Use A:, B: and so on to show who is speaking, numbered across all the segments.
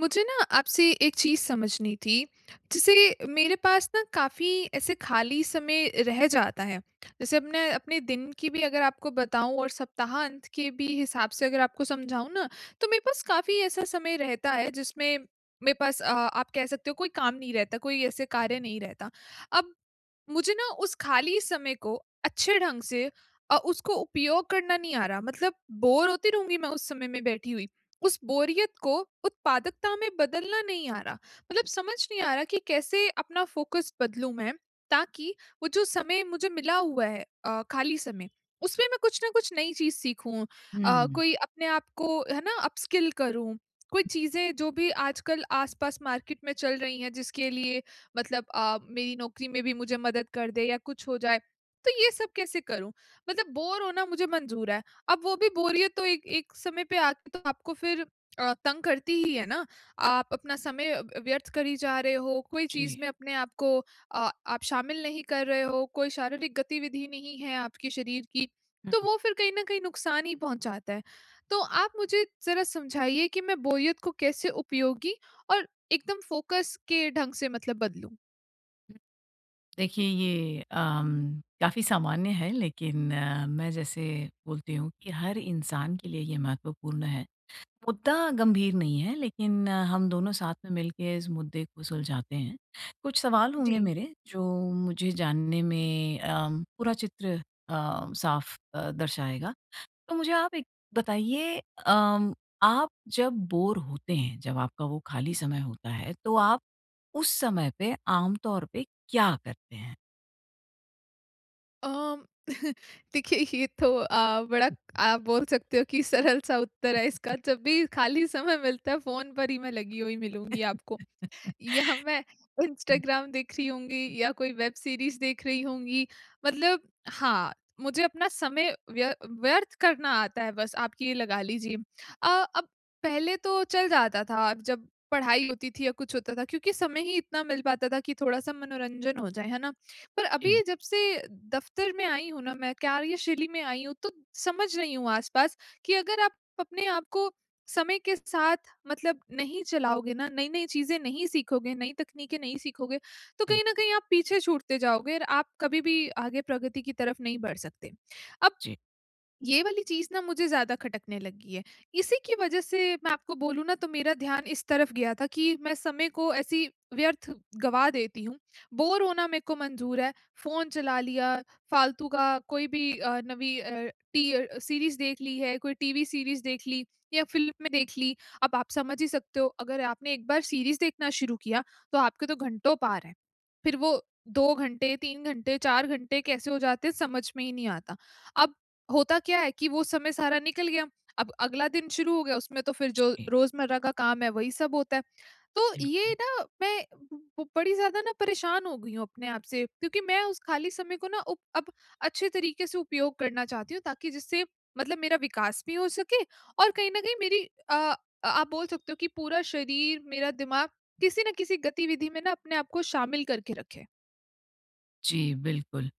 A: मुझे ना आपसे एक चीज़ समझनी थी, जैसे मेरे पास न काफ़ी ऐसे खाली समय रह जाता है। जैसे अपने अपने दिन की भी अगर आपको बताऊँ और सप्ताह अंत कि भी हिसाब से अगर आपको समझाऊँ ना, तो मेरे पास काफ़ी ऐसा समय रहता है जिसमें मेरे पास अ, आप कह सकते हो कोई काम नहीं रहता, कोई ऐसे कार्य नहीं रहता। अब मुझे ना उस खाली समय को अच्छे ढंग से अ, उसको उपयोग करना नहीं आ रहा मतलब बोर होती रहूँगी मैं उस समय में बैठी हुई, उस बोरियत को उत्पादकता में बदलना नहीं आ रहा। मतलब समझ नहीं आ रहा कि कैसे अपना फोकस बदलूँ मैं, ताकि वो जो समय मुझे मिला हुआ है अ, खाली समय, उसमें मैं कुछ न कुछ नई चीज़ सीखूँ। अ,
B: हुँ।
A: कोई अपने आपको है ना अपस्किल करूँ। कोई चीज़ें जो भी आजकल आस-पास मार्केट में चल रही है जिसके लिए मतलब अ, मेरी नौकरी में भी मुझे मदद कर दे या कुछ हो जाए। तो ये सब कैसे करूँ? मतलब बोर होना मुझे मंज़ूर है, अब वो भी बोरियत तो एक एक समय पे आके तो आपको फिर अ, तंग करती ही है ना। आप अपना समय व व्यर्थ करी जा रहे हो, कोई चीज़
B: जी।
A: में अपने आपको अ, आप शामिल नहीं कर रहे हो। कोई शारीरिक गतिविधि नहीं है आपके शरीर की, तो
B: हुँ।
A: वो फिर कहीं न कहीं नुकसान ही पहुँचाता है। तो आप मुझे ज़रा समझाइए कि मैं बोरियत को कैसे उपयोगी और एकदम फ़ोकस के ढंग से मतलब बदलूँ।
B: देखिए ये अ, काफ़ी सामान्य है लेकिन मैं जैसे बोलती हूँ कि हर इंसान के लिए ये महत्वपूर्ण है। मुद्दा गंभीर नहीं है लेकिन हम दोनों साथ में मिलके इस मुद्दे को सुलझाते हैं। कुछ सवाल होंगे
A: जी।
B: मेरे जो मुझे जानने में अ, पूरा चित्र अ, साफ अ, दर्शाएगा। तो मुझे आप एक बताइए अ, आप जब बोर होते हैं, जब आपका वो खाली समय होता है तो आप उस समय पे आम तौर पे क्या करते हैं?
A: अ, देखिए ये तो अ, बड़ा आप बोल सकते हो कि सरल सा उत्तर है इसका। जब भी खाली समय मिलता है फ़ोन पर ही मैं लगी हुई मिलूँगी मैं आपको। या मैं इंस्टाग्राम देख रही होंगी या कोई वेब सीरीज़ देख रही होंगी। मतलब हाँ, मुझे अपना समय व्य व्यर्थ करना आता है बस आप ये लगा लीजिए। अ, अब पहले तो चल जाता था जब पढ़ाई होती थी या कुछ होता था क्योंकि समय ही इतना मिल पाता था कि थोड़ा-सा मनोरंजन हो जाए, है ना? पर
B: जी।
A: अभी जब से दफ़्तर में आई हूँ ना मैं कार्यशैली में आई हूँ तो समझ रही हूँ आसपास कि अगर आप अपने आपको समय के साथ मतलब नहीं चलाओगे ना, नई-नई चीज़ें नहीं सीखोगे, नई तकनीकें नहीं सीखोगे, तो कहीं न कहीं आप पीछे छूटते जाओगे और आप कभी भी आगे प्रगति की तरफ नहीं बढ़ सकते। अब
B: जी।
A: ये वाली चीज़ ना मुझे ज़्यादा खटकने लगी है। इसी की वजह से मैं आपको बोलूँ ना तो मेरा ध्यान इस तरफ गया था कि मैं समय को ऐसी व्यर्थ गवा देती हूँ। बोर होना मेरे को मंजूर है, फ़ोन चला लिया, फालतू का कोई भी अ, नवी अ, टी अ, सीरीज़ देख ली है, कोई टीवी सीरीज़ देख ली, या फ़िल्म में देख ली, अब आप समझ ही सकते हो अगर आपने एक बार सीरीज़ देखना शुरू किया तो आपके तो घंटों पार हैं। फिर वो 2 घंटे, 3 घंटे, 4 घंटे कैसे हो जाते हैं समझ में ही नहीं आता। अब होता क्या है कि वो समय सारा निकल गया, अब अगला दिन शुरू हो गया उसमें तो फिर जो
B: जी।
A: रोज़मर्रा का काम है वही सब होता है। तो ये
B: बिल्कुल।
A: ना मैं ब बड़ी ज़्यादा ना परेशान हो गयी हूँ अपने आप से, क्योंकि मैं उस खाली समय को ना उब अब अच्छे तरीके से उपयोग करना चाहती हूँ ताकि जिससे मतलब मेरा विकास भी हो सके और कहीं न कहीं मेरी अ, आप बोल सकते हो कि पूरा शरीर मेरा दिमाग किसी न किसी गतिविधि में ना अपने आप को शामिल करके रखें।
B: जी, बिल्कुल।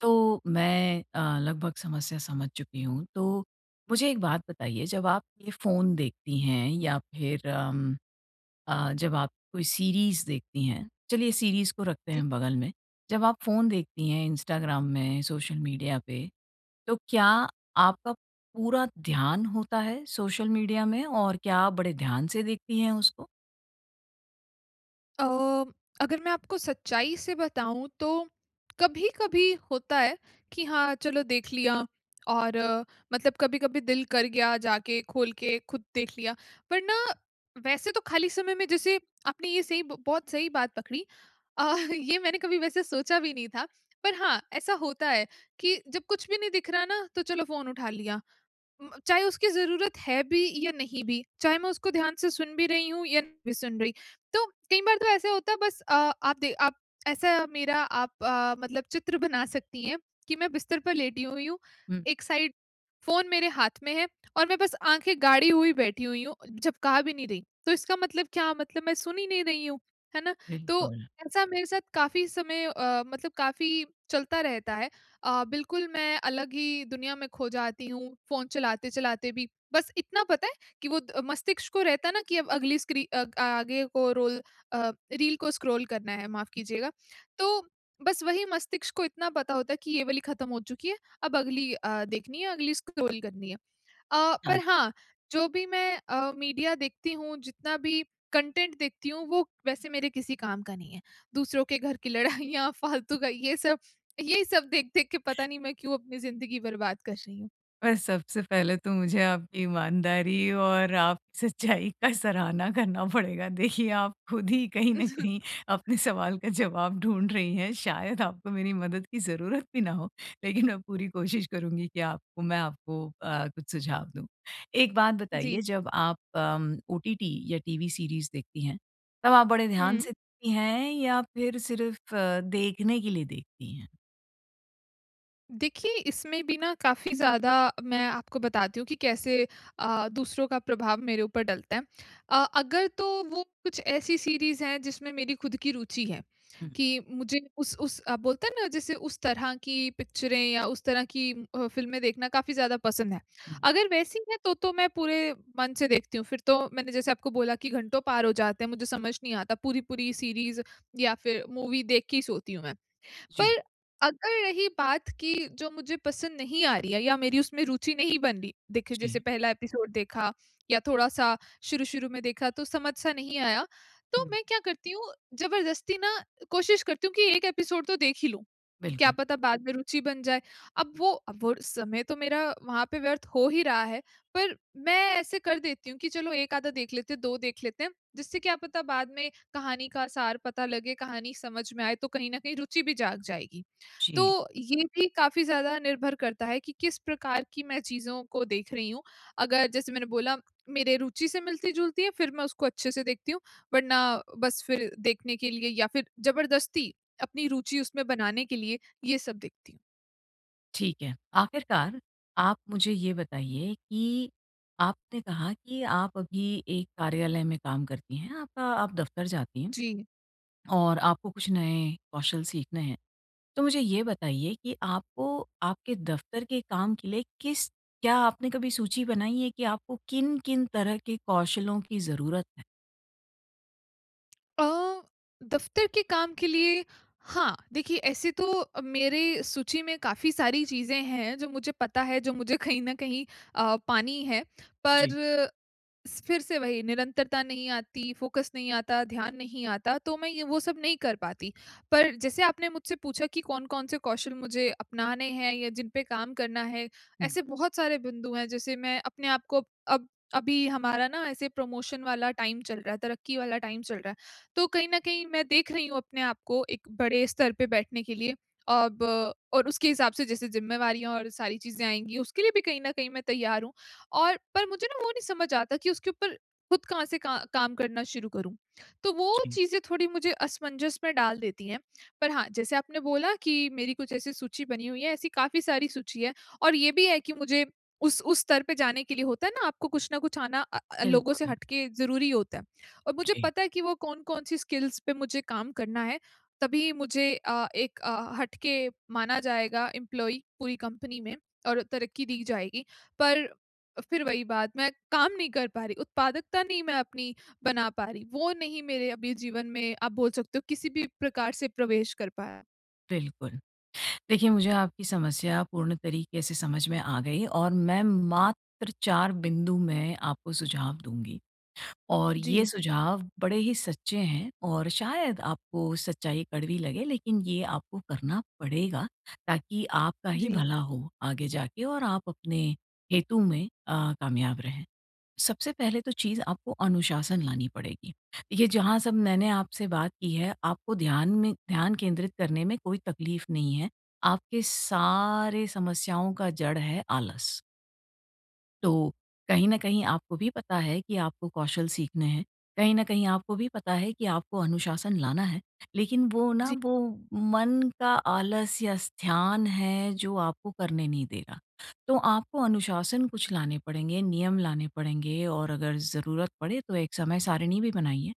B: तो, मैं अ, लगभग समस्या समझ चुकी हूँ। तो, मुझे एक बात बताइए जब आप ये फ़ोन देखती हैं या फिर उम, अ, जब आप कोई सीरीज देखती हैं, चलिए सीरीज को रखते
A: जी।
B: हैं बगल में। जब आप फ़ोन देखती हैं, इंस्टाग्राम में, सोशल मीडिया पे, तो क्या आपका पूरा ध्यान होता है, सोशल मीडिया में? और क्या आप बड़े ध्यान से देखती हैं, उसको?
A: अ, म अगर मैं आपको सच्चाई से बताऊँ तो, कभी-कभी होता है, कि हाँ, चलो देख लिया और मतलब कभी-कभी दिल कर गया जाके, खोल के खुद देख लिया। पर ना, वैसे तो खाली समय में जैसे, आपने ये सही ब बहुत सही बात पकड़ी अ, ये मैंने कभी वैसे सोचा भी नहीं था। पर हाँ, ऐसा होता है, कि जब कुछ भी नहीं दिख रहा ना, तो चलो फ़ोन उठा लिया। उम, चाहे उसकी ज़रूरत है भी या नहीं भी, चाहे मैं उसको ध्यान से सुन भी रही हूँ या नहीं भी सुन रही। तो कई बार तो ऐसा होता है, बस अ, आप दे आप ऐसा मेरा आप अ, मतलब चित्र बना सकती हैं, कि मैं बिस्तर पर लेटी हुई हूँ।
B: हुँ।
A: एक साइड फ़ोन मेरे हाथ में है और मैं बस आँखें गाड़ी हुई बैठी हुई हूँ, जब कहा भी नहीं रही। तो इसका मतलब क्या, मतलब मैं सुन ही नहीं रही हूँ, है ना? तो
B: बिल्कुल।
A: ऐसा मेरे साथ काफ़ी समय अ, मतलब काफ़ी चलता रहता है। अ, बिल्कुल मैं अलग ही दुनिया में खो जाती हूँ, फ़ोन चलाते-चलाते भी। बस इतना पता है कि वो द मस्तिष्क को रहता है ना, कि अब अगली स्क्री अ, आगे को रोल अ, रील को स्क्रॉल करना है, माफ़ कीजिएगा। तो, बस वही मस्तिष्क को इतना पता होता है कि ये वाली खत्म हो चुकी है। अब अगली अ, देखनी है, अगली स्क्रॉल करनी है। अ,
B: हाँ।
A: पर हाँ, जो भी मैं अ, मीडिया देखती हूँ, जितना भी कंटेंट देखती हूँ, वो वैसे मेरे किसी काम का नहीं है। दूसरों के घर की लड़ाइयाँ,
B: हुँ।
A: फालतू का ये सब, यही सब देख-देख के पता नहीं मैं क्यों अपनी ज़िंदगी बर्बाद कर रही हूँ।
B: अ, सबसे पहले तो मुझे आपकी ईमानदारी और आप सच्चाई का सराहना करना पड़ेगा। देखिए आप खुद ही कहीं न कहीं अपने सवाल का जवाब ढूँढ रही हैं शायद आपको मेरी मदद की ज़रूरत भी ना हो। लेकिन मैं पूरी कोशिश करूँगी कि आपको मैं आपको अ, कुछ सुझाव दूँ। एक बात बताइए
A: जी।
B: जब आप उम, ओटीटी या टीवी सीरीज देखती है तब आप बड़े ध्यान
A: हुँ।
B: से देखती है या फिर सिर्फ अ, देखने के लिए देखती हैं?
A: देखिए, इसमें भी ना काफ़ी ज़्यादा मैं आपको बताती हूँ कि कैसे अ, दूसरों का प्रभाव मेरे ऊपर डलता है। अ, अगर तो वो कुछ ऐसी सीरीज है जिसमें मेरी खुद की रुचि है,
B: हुँ।
A: कि मुझे उस-उस आप बोलते हैं ना जैसे उस तरह की पिक्चरें या उस तरह की अ, फ़िल्में देखना काफ़ी ज़्यादा पसंद है।
B: हुँ।
A: अगर वैसी है तो, तो मैं पूरे मन से देखती हूँ। फिर तो मैंने जैसे आपको बोला कि घंटों पार हो जाते हैं, मुझे समझ नहीं आता पूरी-पूरी सीरीज या फिर मूवी देख के ही सोती हूँ मैं।
B: जी।
A: पर, अगर रही बात की जो मुझे पसंद नहीं आ रही है या मेरी उसमें रुचि नहीं बन रही। देखिए जैसे
B: जी।
A: पहला एपिसोड देखा या थोड़ा-सा शुरू-शुरू में देखा, तो समझ सा नहीं आया। तो
B: हुँ।
A: मैं क्या करती हूँ जबरदस्ती ना, कोशिश करती हूँ कि एक एपिसोड तो देख ही लूँ। क्या
B: बिल्कुल।
A: पता बाद में रुचि बन जाए। अब वो अब वो वो समय तो मेरा वहाँ पे व्यर्थ हो ही रहा है, पर मैं ऐसे कर देती हूँ कि चलो 1 आधा देख लेते हैं, 2 देख लेते हैं जिससे क्या पता बाद में कहानी का सार पता लगे, कहानी समझ में आए तो कहीं न कहीं रुचि भी जाग जाएगी।
B: जी।
A: तो ये भी काफ़ी ज़्यादा निर्भर करता है कि, किस प्रकार की मैं चीज़ों को देख रही हूँ। अगर जैसे मैंने बोला मेरे रुचि से मिलती-जुलती है फिर मैं उसको अच्छे से देखती हूँ, वरना बस फिर देखने के लिए या फिर जबरदस्ती अपनी रुचि उसमें बनाने के लिए, ये सब देखती हूँ।
B: ठीक है। आखिरकार, आप मुझे ये बताइए कि आपने कहा कि आप अभी एक कार्यालय में काम करती हैं, आपका आप दफ़्तर जाती हैं,
A: जी।
B: और आपको कुछ नए कौशल सीखने हैं। तो मुझे ये बताइए कि आपको आपके दफ़्तर के काम के लिए किस क्या आपने कभी सूची बनाई है कि आपको किन-किन तरह के कौशलों की ज़रूरत है?
A: अ, दफ़्तर के काम के लिए, हाँ। देखिए, ऐसे तो अ, मेरी सूची में काफ़ी सारी चीज़ें हैं, जो मुझे पता है, जो मुझे कहीं न कहीं अ, पानी है। पर
B: जी।
A: स फ़िर से वही, निरंतरता नहीं आती, फ़ोकस नहीं आता, ध्यान नहीं आता, तो मैं ये वो सब नहीं कर पाती। पर जैसे आपने मुझसे पूछा कि कौन-कौन से कौशल मुझे अपनाने हैं या जिन पे काम करना है,
B: हुँ।
A: ऐसे बहुत सारे बिंदु हैं। जैसे मैं अपने आपको अब अभी हमारा ना ऐसे प्रमोशन वाला टाइम चल रहा है, तरक्की वाला टाइम चल रहा है, तो कहीं न कहीं मैं देख रही हूँ अपने आपको, एक बड़े स्तर पे बैठने के लिए। अब और उसके हिसाब से जैसे ज़िम्मेवारियाँ और सारी चीज़ें आएँगी, उसके लिए भी कहीं न कहीं मैं तैयार हूँ और पर मुझे ना, वो नहीं समझ आता कि उसके ऊपर खुद कहाँ से का काम करना शुरू करूँ? तो वो
B: जी।
A: चीज़ें थोड़ी मुझे असमंजस में डाल देती हैं। पर हाँ, जैसे आपने बोला कि मेरी कुछ ऐसी सूची बनी हुई है, ऐसी काफ़ी सारी सूची है और ये भी है कि मुझे उस उस स्तर पे जाने के लिए, होता है ना, आपको कुछ न कुछ आना अ अ, लोगों से
B: बिल्कुल।
A: हट के ज़रूरी होता है। और मुझे
B: जी।
A: पता है कि वो कौन-कौन-सी स्किल्स पे मुझे काम करना है, तभी मुझे अ, एक अ, हटके माना जाएगा, एम्प्लॉयी, पूरी कंपनी में और तरक्की दी जाएगी। पर फ़िर वही बात, मैं काम नहीं कर पा रही, उत्पादकता नहीं मैं अपनी बना पा रही, वो नहीं मेरे अभी जीवन में, आप बोल सकते हो, किसी भी प्रकार से प्रवेश कर पाया।
B: बिल्कुल। देखिए, मुझे आपकी समस्या पूर्ण तरीके से समझ में आ गई और मैं मात्र 4 बिंदु में आपको सुझाव दूँगी। और ये
A: जी।
B: सुझाव बड़े ही सच्चे हैं और शायद आपको सच्चाई कड़वी लगे, लेकिन ये आपको करना पड़ेगा, ताकि आपका ही
A: जी।
B: भला हो, आगे जाके और आप अपने हेतु में अ, कामयाब रहें। सबसे पहले तो चीज़ आपको अनुशासन लानी पड़ेगी। ये जहाँ सब मैंने आपसे बात की है, आपको ध्यान में ध्यान केंद्रित करने में कोई तकलीफ नहीं है। आपके सारे समस्याओं का जड़ है, आलस। तो, कहीं न कहीं आपको भी पता है कि आपको कौशल सीखने हैं। कहीं न कहीं आपको भी पता है, कि आपको अनुशासन लाना है। लेकिन वो ना,
A: जी।
B: वो मन का आलस्य स्थान है, जो आपको करने नहीं दे रहा। तो आपको अनुशासन कुछ लाने पड़ेंगे। नियम लाने पड़ेंगे और अगर ज़रूरत पड़े, तो एक समय सारिणी भी बनाइए।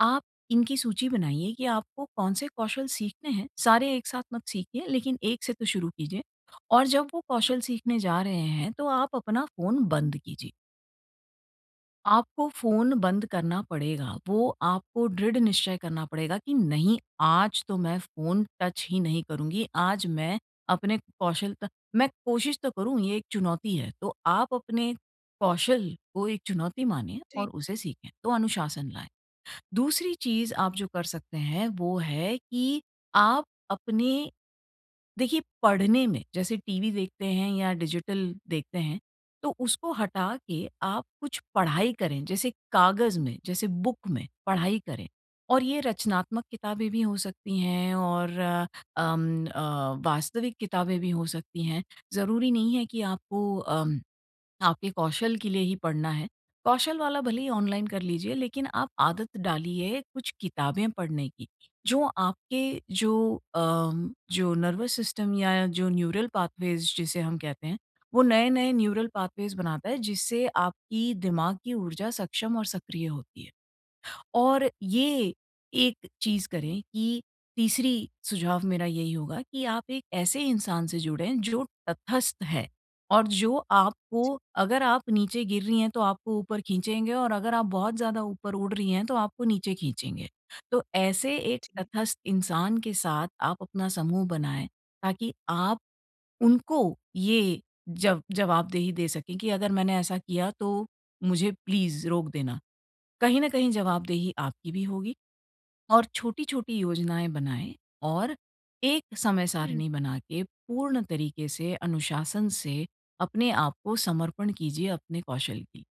B: आप इनकी सूची बनाइए, कि आपको कौन-से कौशल सीखने हैं, सारे एक साथ मत सीखिए, लेकिन एक से तो शुरू कीजिए। और जब वो कौशल सीखने जा रहे हैं, तो आप अपना फ़ोन बंद कीजिए। आपको फ़ोन बंद करना पड़ेगा, वो आपको दृढ़ निश्चय करना पड़ेगा कि नहीं, आज तो मैं फ़ोन टच ही नहीं करूँगी। आज मैं अपने कौशलता मैं कोशिश तो करूँ ये एक चुनौती है। तो आप अपने कौशल को एक चुनौती माने
A: जी।
B: और उसे सीखें तो अनुशासन लाएँ। दूसरी चीज़ आप जो कर सकते हैं, वो है कि आप अपने देखिए पढ़ने में जैसे टीवी देखते हैं या डिजिटल देखते हैं तो उसको हटा के आप कुछ पढ़ाई करें, जैसे कागज में, जैसे बुक में पढ़ाई करें और ये रचनात्मक किताबें भी हो सकती हैं और अम अ, वास्तविक किताबें भी हो सकती हैं, ज़रूरी नहीं है कि आपको अ, आपके कौशल के लिए ही पढ़ना है। कौशल वाला भले ही ऑनलाइन कर लीजिए लेकिन आप आदत डालिए कुछ किताबें पढ़ने की, जो आपके जो अ, जो नर्वस सिस्टम या जो न्यूरल पाथवेज़ जिसे हम कहते हैं, वो नए-नए न्यूरल पाथवेज़ बनाता है, जिससे आपकी दिमाग की ऊर्जा सक्षम और सक्रिय होती है। और ये, एक चीज़ करें कि तीसरी सुझाव मेरा यही होगा कि आप एक ऐसे इंसान से जुड़े जो तटस्थ है और जो
A: जी
B: आपको अगर आप नीचे गिर रही हैं, तो आपको ऊपर खींचेंगे और अगर आप बहुत ज़्यादा ऊपर उड़ रही हैं तो आपको नीचे खींचेंगे। तो ऐसे एक
A: जी।
B: तटस्थ इंसान के साथ आप अपना समूह बनाएँ, ताकि आप उनको ये जब जवाबदेही दे सकें कि अगर मैंने ऐसा किया तो मुझे प्लीज़ रोक देना। कहीं न कहीं जवाबदेही आपकी भी होगी और छोटी-छोटी योजनाएँ बनाएँ और एक
A: हुँ।
B: समय-सारिणी बना के, पूर्ण तरीक़े से अनुशासन से, अपने आपको समर्पण कीजिए अपने कौशल की।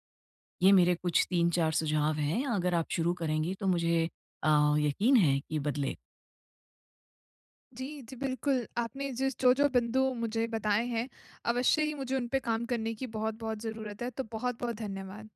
B: ये मेरे कुछ 3-4 सुझाव हैं, अगर आप शुरू करेंगी तो मुझे अ, यक़ीन है कि बदले
A: जी, जी बिल्कुल। आपने जिस जो-जो बिंदु मुझे बताए हैं। अवश्य ही मुझे उनपे काम करने की बहुत-बहुत ज़रूरत है, तो बहुत-बहुत धन्यवाद।